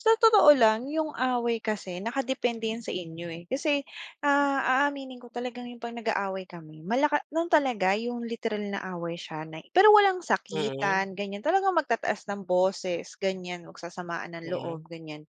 Sa totoo lang, yung away kasi nakadepende yan sa inyo eh, kasi, ah, aaminin ko talagang yung 'pag nag-aaway kami, malaka no'n talaga, yung literal na away siya na pero walang Mm. sakitan, ganyan. Talagang magtataas ng boses, ganyan. Magsasamaan ng loob, Mm. ganyan.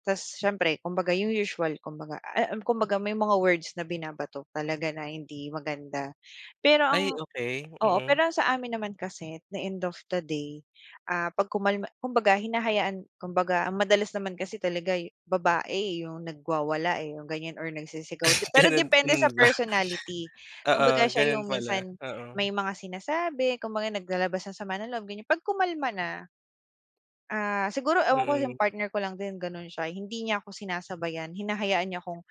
Ta's siyempre kumbaga yung usual kumbaga, ah, um, kumbaga may mga words na binabato talaga na hindi maganda. Pero ang Ay okey. oo Mm. pero ang sa amin naman kasi, at the end of the day, ah 'pag kumalma kumbaga hinahayaan kumbaga ang madalas naman kasi talaga yu babae, eh, yung nagwawala eh, yung ganyan or nagsisigaw de pero Ganun, depende hmm, sa ba? personality. Oo, Kumbaga siya ganun yung pala. minsan may Oo. mga sinasabi. Kumbaga naglalabas ng sama ng loob, ganyan. 'Pag kumalma na, ah, siguro ewan ko yung Mm. partner ko lang din ganon siya, hindi niya ako sinasabayan, hinahayaan niya akong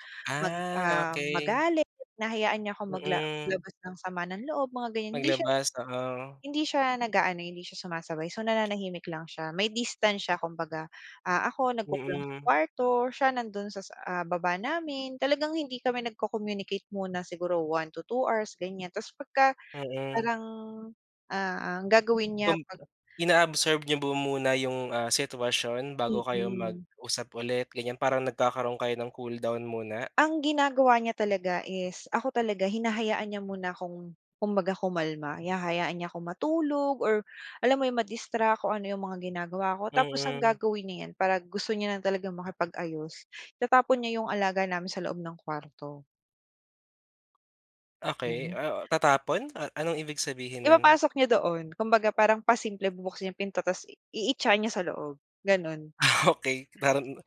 mag Ah, um, okey. magalit. Hinahayaan niya akong magla Mm. labas ng sama ng loob, mga ganyan. Hindi siya Maglabas, oo. hindi siya nag-aano, hindi siya sumasabay. So nananahimik lang siya. May distance siya kumbaga. Ah, ako, nagkukulong sa Mm. kuwarto, siya nandun sa sa, ah, baba namin. Talagang hindi kami nagko-communicate muna siguro 1 to 2 hours, ganyan. Ta's pagka Mm. parang ah, ang gagawin niya Kum 'pag inaabsorb niyo ba muna yung, ah, sitwasyon bago kayo Mm. mag-usap ulit, ganyan? Parang nagkakaroon kayo ng cool down muna? Ang ginagawa niya talaga is, ako talaga, hinahayaan niya muna akong kumbaga kumalma. Hinahayaan niya ako matulog or alam mo yun, ma-distract o ano yung mga ginagawa ko tapos ang Mm. gagawin niyan 'pag gusto niya na talagang makipag-ayos, itatapon niya yung alaga namin sa loob ng kuwarto. Okey. Ganun. Ah, tatapon? Ah, anong ibig sabihin nun? Ipapasok niya doon. Kumbaga parang pasimple bubuksan yung pinto ta's i iitya niya sa loob, ganon. Ah, okey. Parang,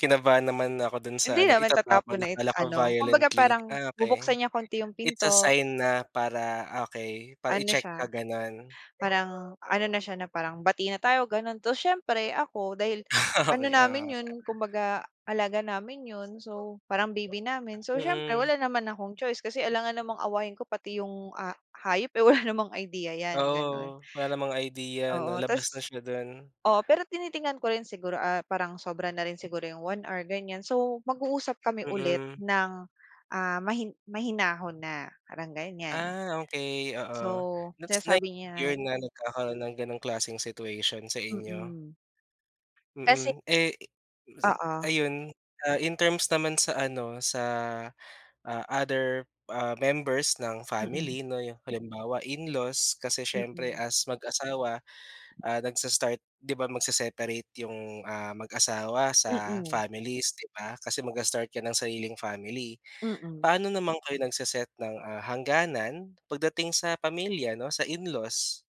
kinabahan naman ako dun sa Hindi ano, naman tatapon itatapon. na it Akala ko ano, kumbaga violently. parang Ah, okey. bubuksan niya konti yung It's a pinto. sign na para okey, para Ano i-check ka, siya, ganon. parang ano na siya na parang bati na tayo ganon tapos siyempre ako, dahil ano Okey, oo namin yun, nga. kumbaga alaga namin yun, so parang baby namin, so siyempre Mm. wala naman akong choice kasi alangan namang awayin ko pati yung a hayop, eh, wala namang idea yan, ganon. Oo. Wala namang idea 'no? Oo Labas na ta's siya do'n. oo pero tinitingnan ko rin siguro, ah, parang sobra na rin siguro yung 1 hour ganyan, so mag-uusap kami ulit Mm. ng, ah, mahin mahinahon na. Parang ganyan. Ah, okey, oo. So, Looks like sinasabi niya [unintelligible] na nagkakaroon ng ganong klaseng situation sa inyo? Mm. Kasi Mm. Eh, i mis Oo. ayun, ah, in terms naman sa ano, sa, ah, other, ah, members ng Mm. family 'no, yung halimbawa in-laws kasi siyempre Mm. as mag-asawa, ah, nagsa-start 'di ba magse-separate yung, ah, mag-asawa sa Mm. families, 'di ba? Kasi magsi-start ka ng sariling family, Mm. paano naman kayo nagse-set ng, ah, hangganan pagdating sa pamilya 'no? Sa in-laws?